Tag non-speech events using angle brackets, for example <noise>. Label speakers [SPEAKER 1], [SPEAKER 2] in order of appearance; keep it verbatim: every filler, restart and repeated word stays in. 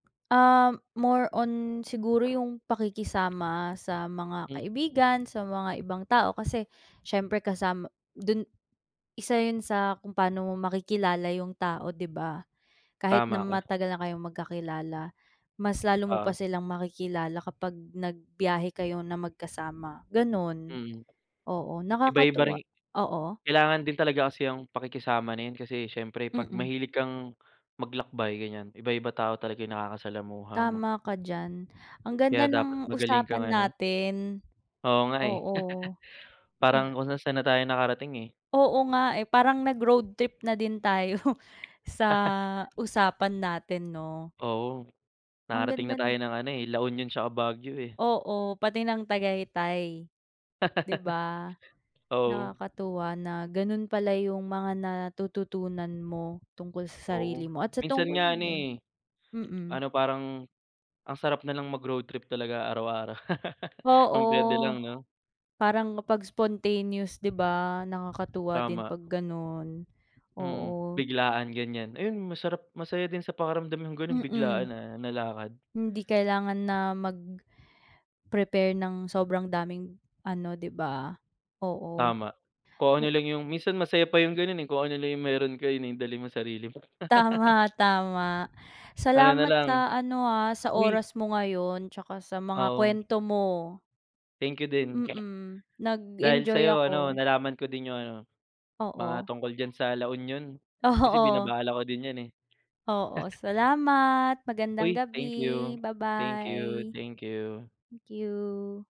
[SPEAKER 1] Ah, more on siguro yung pakikisama sa mga
[SPEAKER 2] Mm.
[SPEAKER 1] kaibigan, sa mga ibang tao, kasi siyempre kasama dun isa yun sa kung paano mo makikilala yung tao, 'di ba? Kahit na
[SPEAKER 2] Tama ka.
[SPEAKER 1] matagal na kayong magkakilala, mas lalo mo pa
[SPEAKER 2] Oo.
[SPEAKER 1] silang makikilala kapag nagbiyahe kayo na magkasama, ganun,
[SPEAKER 2] Mm.
[SPEAKER 1] oo.
[SPEAKER 2] Iba-iba rin.
[SPEAKER 1] Nakakatuwa, oo.
[SPEAKER 2] Kailangan din talaga kasi yung pakikisama na yan, kasi siyempre 'pag
[SPEAKER 1] Mm.
[SPEAKER 2] mahilig kang maglakbay, ganiyan, iba-iba tao talaga yung nakakasalamuha mo.
[SPEAKER 1] Tama ka diyan. Ang ganda
[SPEAKER 2] Kaya dapat
[SPEAKER 1] ng
[SPEAKER 2] magaling kang
[SPEAKER 1] usapan
[SPEAKER 2] ano
[SPEAKER 1] natin,
[SPEAKER 2] Oo nga eh,
[SPEAKER 1] oo.
[SPEAKER 2] <laughs> parang
[SPEAKER 1] Ah
[SPEAKER 2] kung saan-saan na tayo nakarating eh.
[SPEAKER 1] Oo nga eh, parang nag-road trip na din tayo sa
[SPEAKER 2] <laughs>
[SPEAKER 1] usapan natin, 'no?
[SPEAKER 2] Oo.
[SPEAKER 1] Ang
[SPEAKER 2] Nakarating na
[SPEAKER 1] ganda
[SPEAKER 2] tayo
[SPEAKER 1] nu
[SPEAKER 2] ng ano eh, La Union tsaka Baguio eh.
[SPEAKER 1] Oo, pati ng Tagaytay, 'di ba?
[SPEAKER 2] <laughs> Oo.
[SPEAKER 1] Nakakatuwa na ganun pala yung mga natututunan mo tungkol sa
[SPEAKER 2] Oo,
[SPEAKER 1] sarili mo at sa
[SPEAKER 2] minsan
[SPEAKER 1] tungkol
[SPEAKER 2] nga
[SPEAKER 1] din
[SPEAKER 2] ano
[SPEAKER 1] do'n.
[SPEAKER 2] eh,
[SPEAKER 1] Mm.
[SPEAKER 2] paano, parang ang sarap nalang mag-road trip talaga araw-araw.
[SPEAKER 1] Oo,
[SPEAKER 2] Kung pwede lang, 'no?
[SPEAKER 1] parang kapag spontaneous, 'di ba, nakakatuwa din
[SPEAKER 2] Tama.
[SPEAKER 1] 'pag ganun,
[SPEAKER 2] Mm,
[SPEAKER 1] oo.
[SPEAKER 2] biglaan ganiyan. Ayun, masarap, masaya din sa pakiramdam yung gano'n, biglaan
[SPEAKER 1] Mm,
[SPEAKER 2] na na lakad.
[SPEAKER 1] hindi kailangan na mag-prepare ng sobrang daming ano, 'di ba? Oo.
[SPEAKER 2] Tama, kung ano
[SPEAKER 1] Hmm.
[SPEAKER 2] lang yung minsan masaya pa yung gano'n eh, kung ano lang yung meron ka eh, yun ang dalhin mo, sarili mo. <laughs>
[SPEAKER 1] Tama, tama.
[SPEAKER 2] Ano
[SPEAKER 1] Salamat
[SPEAKER 2] nalang.
[SPEAKER 1] sa ano ah, sa
[SPEAKER 2] Uy
[SPEAKER 1] oras mo ngayon tsaka sa mga
[SPEAKER 2] Oo.
[SPEAKER 1] kwento mo.
[SPEAKER 2] Thank you din.
[SPEAKER 1] Mm,
[SPEAKER 2] Dahil
[SPEAKER 1] nag-enjoy
[SPEAKER 2] sa'yo ano,
[SPEAKER 1] ako.
[SPEAKER 2] nalaman ko din yung ano, mga
[SPEAKER 1] Oo.
[SPEAKER 2] tungkol diyan sa La Union, kasi
[SPEAKER 1] Oo. <snorts>
[SPEAKER 2] binabalak ko din yan eh.
[SPEAKER 1] Oo,
[SPEAKER 2] <laughs>
[SPEAKER 1] salamat, magandang
[SPEAKER 2] Uy,
[SPEAKER 1] gabi.
[SPEAKER 2] thank you, thank you,
[SPEAKER 1] Babay.
[SPEAKER 2] thank you.
[SPEAKER 1] Thank you.